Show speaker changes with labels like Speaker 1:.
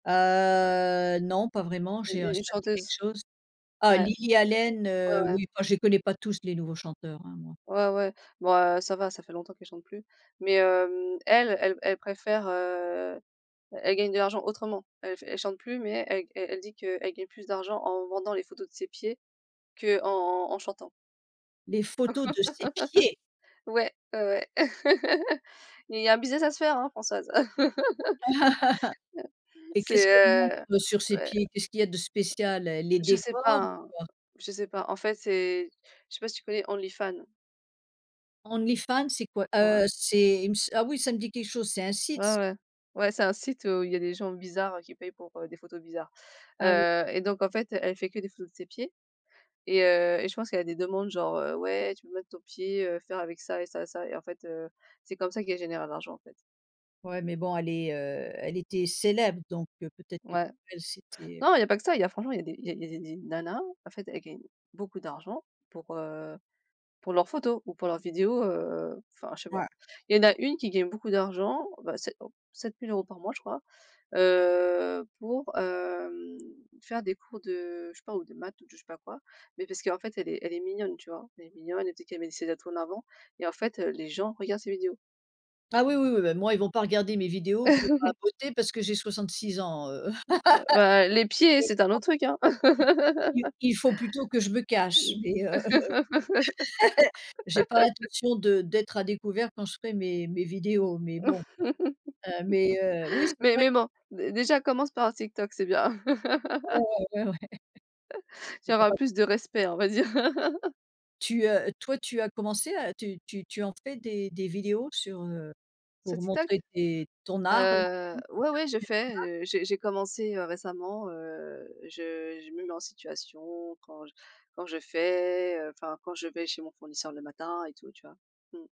Speaker 1: Heu, non pas vraiment
Speaker 2: U
Speaker 1: j'ai un
Speaker 2: u une
Speaker 1: ça me dit quelque
Speaker 2: chanteuse.
Speaker 1: chose. Ah
Speaker 2: Ouais.
Speaker 1: Lily
Speaker 2: Mais je
Speaker 1: Allen,
Speaker 2: ouais,
Speaker 1: heu,
Speaker 2: ouais.
Speaker 1: oui, enfin, je les connais pas tous les nouveaux chanteurs, hein, moi.
Speaker 2: Ouais, ouais. Bon, heu, ça va, ça fait longtemps qu'elle chante plus. Mais, hem, elle, elle elle préfère, heu, elle gagne de l'argent autrement. Elle f elle chante plus, mais elle g elle elle dit qu'elle gagne plus d'argent en vendant les photos de ses pieds qu'en en chantant.
Speaker 1: Les photos de ses pieds?
Speaker 2: Ouais, ouais, ouais. Il y a un business à se faire hein, Françoise.
Speaker 1: Et qu'est-ce qu'elle montre,
Speaker 2: C'est, heu,
Speaker 1: heu, sur ses
Speaker 2: ouais
Speaker 1: pieds? Qu'est-ce qu'il y a de spécial? Elle les
Speaker 2: Je sais pas
Speaker 1: décore ou
Speaker 2: hein,
Speaker 1: quoi?
Speaker 2: je sais pas. En fait, c'est je sais pas si tu connais OnlyFans?
Speaker 1: OnlyFans, c'est quoi?
Speaker 2: Ouais.
Speaker 1: Heu, c'est il me s ah oui, ça me dit quelque chose, c'est un
Speaker 2: Ouais,
Speaker 1: site ça?
Speaker 2: ouais. Ouais c'est un site, heu, où il y a des gens bizarres qui payent pour, heu, des photos bizarres,
Speaker 1: Ah oui.
Speaker 2: heu et donc en fait, elle fait que des photos de ses pieds et heu et je pense qu'elle a des demandes genre, heu: «Ouais tu peux mettre ton pied, heu, faire avec ça et ça et ça» et en fait, heu, c'est comme ça qu'elle générait l'argent en fait.
Speaker 1: Ouais, mais bon, elle est, heu, elle était célèbre, donc heu, peut-être que pour
Speaker 2: Ouais.
Speaker 1: elle c'était
Speaker 2: Non, il y a pas que ça, il y a franchement, il y a des il y a des des nanas, en fait, elles gagnent beaucoup d'argent pour,
Speaker 1: Ouais.
Speaker 2: heu, pour leurs photos ou pour leurs vidéos, heu, enfin, je sais
Speaker 1: Ouais,
Speaker 2: pas.
Speaker 1: ouais
Speaker 2: Il y en a une qui gagne beaucoup d'argent, bah c'est, heu, 7 000 € par mois je crois, heu, pour, hem, faire des cours de je sais pas ou de maths ou de je sais pas quoi. Mais parce qu'en fait elle est elle est mignonne tu vois? Elle est mignonne, elle dit qu'elle met ses atouts en avant et en fait, heu, les gens regardent ses vidéos.
Speaker 1: Ah oui, oui, oui, bah, moi ils vont pas regarder mes vidéos pour papoter parce que j'ai 66 ans, heu,
Speaker 2: Oh, bah, ben, les pieds,
Speaker 1: i
Speaker 2: c'est un autre truc hein.
Speaker 1: i i i il il faut plutôt que je me cache,
Speaker 2: Mmh.
Speaker 1: mais, heu, j'ai pas l'intention de d'être à découvert quand je ferais mes mes vidéos, mais bon, heu, mais, heu, oui, c'est
Speaker 2: Mais,
Speaker 1: vrai que
Speaker 2: même hein, dé déjà commence par TikTok, c'est bien.
Speaker 1: Ah ouais, ouais, ouais.
Speaker 2: Tu
Speaker 1: Pourquoi
Speaker 2: auras
Speaker 1: pas?
Speaker 2: plus de respect on va dire.
Speaker 1: Tu, heu, toi, tu as commencé à tu tu tu en fais des des vidéos sur, heu,
Speaker 2: Sur
Speaker 1: pour
Speaker 2: TikTok?
Speaker 1: montrer tes ton art là? [unintelligible]
Speaker 2: Heu,
Speaker 1: pour
Speaker 2: ouais,
Speaker 1: faire
Speaker 2: ouais je
Speaker 1: connaitre ton
Speaker 2: fais,
Speaker 1: art?
Speaker 2: heu, j'ai j'ai commencé, heu, récemment, heu, je je me mets en situation quand j quand je fais, heu, enfin, quand je vais chez mon fournisseur le matin et tout tu vois? Mmh.